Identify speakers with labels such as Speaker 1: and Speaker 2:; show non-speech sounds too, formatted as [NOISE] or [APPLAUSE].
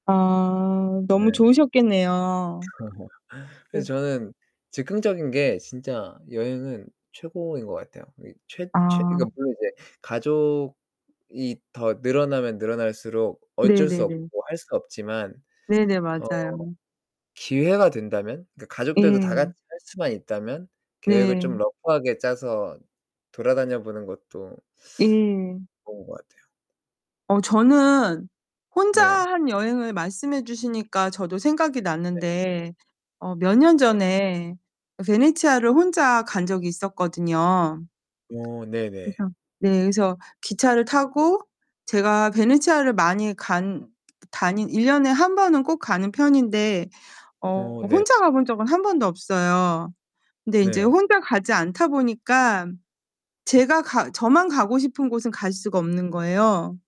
Speaker 1: 아
Speaker 2: 네.
Speaker 1: 너무 좋으셨겠네요.
Speaker 2: [LAUGHS] 그래서
Speaker 1: 그
Speaker 2: 저는 즉흥적인 게 진짜 여행은 최고인 것 같아요. 이 최 최
Speaker 1: 아.
Speaker 2: 그니까 물론 이제 가족이 더 늘어나면 늘어날수록 어쩔 수 없고
Speaker 1: 네네네.
Speaker 2: 할 수 없지만,
Speaker 1: 네네
Speaker 2: 어
Speaker 1: 맞아요.
Speaker 2: 기회가 된다면, 그 가족들도 다
Speaker 1: 예.
Speaker 2: 같이 할 수만 있다면 계획을 좀
Speaker 1: 네.
Speaker 2: 러프하게 짜서 돌아다녀 보는 것도
Speaker 1: 예.
Speaker 2: 좋은 것 같아요.
Speaker 1: 어 저는 혼자
Speaker 2: 네.
Speaker 1: 한 여행을 말씀해 주시니까 저도 생각이
Speaker 2: 네.
Speaker 1: 났는데, 어 몇 년
Speaker 2: 네.
Speaker 1: 전에 베네치아를 혼자 간 적이 있었거든요.
Speaker 2: 어 네네.
Speaker 1: 그래서 네 그래서 기차를 타고 제가 베네치아를 많이 간 다니 1 년에 1 번은 꼭 가는 편인데 어
Speaker 2: 오. 네.
Speaker 1: 혼자 가본 적은 1 번도 없어요. 근데 인제
Speaker 2: 네.
Speaker 1: 혼자 가지 않다 보니까 제가 가 저만 가고 싶은 곳은 갈 수가 없는 거예요.